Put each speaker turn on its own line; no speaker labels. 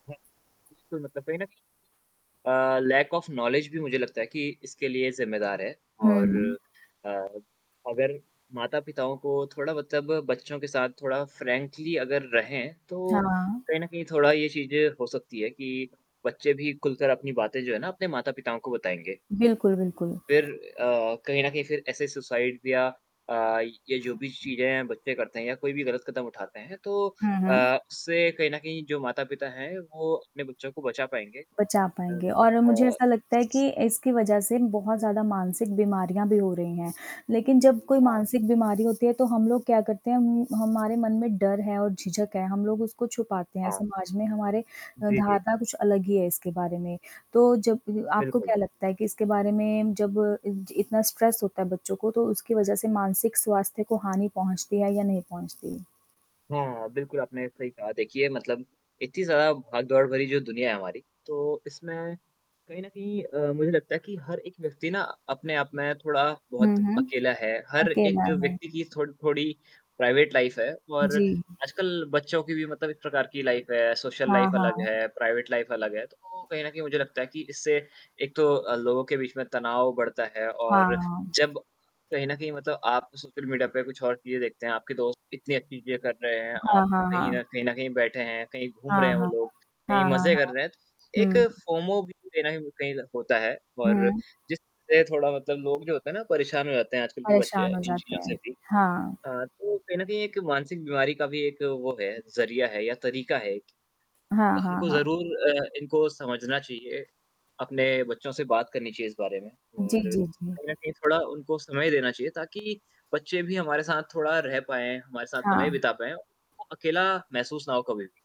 ब उ बिल्कुल, मतलब कहीं न कहीं अ, लैक ऑफ़ नॉलेज भी मुझे लगता है कि इसके लिए ज़िम्मेदार है
हुँ,
और
हुँ।
अ, अगर माता-पिताओं को थोड़ा मतलब बच्चों के साथ थोड़ा फ्रैंकली अगर रहें, तो
हाँ।
कहीं न कहीं थोड़ा ये चीज़ भी हो सकती है कि बच्चे भी खुलकर अपनी बातें जो है ना अपने माता-पिताओं को बताएँगे।
बिल्कुल, बिल्कुल।
फ़िर अ, कहीं न कहीं फिर ऐसे सुसाइड या अ, ये जो भी चीज़ें हैं, बच्चे करते हैं या कोई भी ग़लत कदम उठाते हैं तो
हुँ, हुँ।
अ, उससे कहीं न कहीं जो माता-पिता हैं, वो अपने बच्चों को बचा पाएँगे।
बचा
अ
पाएँगे और मुझे
अ
ऐसा लगता है कि इसकी वज़ह से बहुत ज़्यादा मानसिक बीमारियाँ भी हो रही हैं, लेकिन जब कोई
हाँ।
मानसिक बीमारी होती है, तो हम लोग क्या करते हैं उम, हमारे मन में डर है और झिझक है हम लोग उसको छुपाते हैं
हाँ।
समाज में हमारे अ,
जी, जी।
धारणा कुछ अलग ही है इसके बारे में। तो जब आपको
बिल्कुल।
क्या लगता है कि इसके बारे में जब इ इतना स्ट्रेस होता है बच्चों को तो उसकी वज़ह से मानसिक स्वास्थ्य को हानि पहुँचती है या नहीं पहुँचती?
हाँ, हाँ। बिल्कुल आपने सही कहा देखिए मतलब इतनी ज़्यादा भागदौड़ भरी जो दुनिया है हमारी, तो इसमें कहीं न कहीं अ, मुझे लगता है कि हर एक व्यक्ति ना अपने आप में थोड़ा
हुँ,
बहुत
हुँ।
अकेला है हर
अकेला
एक
है।
व्यक्ति की थो थोड़ी प्राइवेट लाइफ़ है और
जी।
आजकल बच्चों की भी मतलब एक प्रकार की लाइफ़ है, सोशल
हाँ,
लाइफ़ अलग
हाँ।
है, प्राइवेट लाइफ़ अलग है, तो कहीं न कहीं मुझे लगता है कि इससे एक तो अ, लोगों के बीच में तनाव बढ़ता है और
हाँ।
जब कहीं न कहीं मतलब आप सोशल मीडिया पे कुछ और चीज़ें देखते हैं आपके दोस्त इतनी अच्छी चीज़ें कर रहे हैं
हाँ,
आप
हाँ,
कहीं
हाँ।
न कहीं न कहीं बैठे हैं, कहीं घूम रहे
हाँ,
हैं वो
हाँ।
लोग कहीं
हाँ, हाँ,
मज़े कर
हाँ।
रहे हैं, तो एक
हुँ।
फ़ोमो भी कहीं न कहीं कहीं होता है और
हुँ।
जिस से थोड़ा मतलब लोग जो होते हैं ना परेशान हो जाते हैं आजकल के बच्चे
परेशान हो
इन
जाते
चीज़ों से
हैं।
भी।
हाँ।
अ, तो कहीं न कहीं एक मानसिक बीमारी का भी एक वो है, ज़रिया है या तरीक़ा है एक तो
हाँ, हाँ,
हमको
हाँ।
ज़रूर अ, इनको समझना चाहिए अपने बच्चों से बात करनी चाहिए इस बारे में
जी,
और
जी, जी।
कहीं न कहीं थोड़ा उनको समय देना चाहिए ताकि बच्चे भी हमारे साथ थोड़ा रह पाएँ, हमारे साथ समय
हाँ।
बिता पाएँ, उनको अकेला महसूस ना हो कभी भी।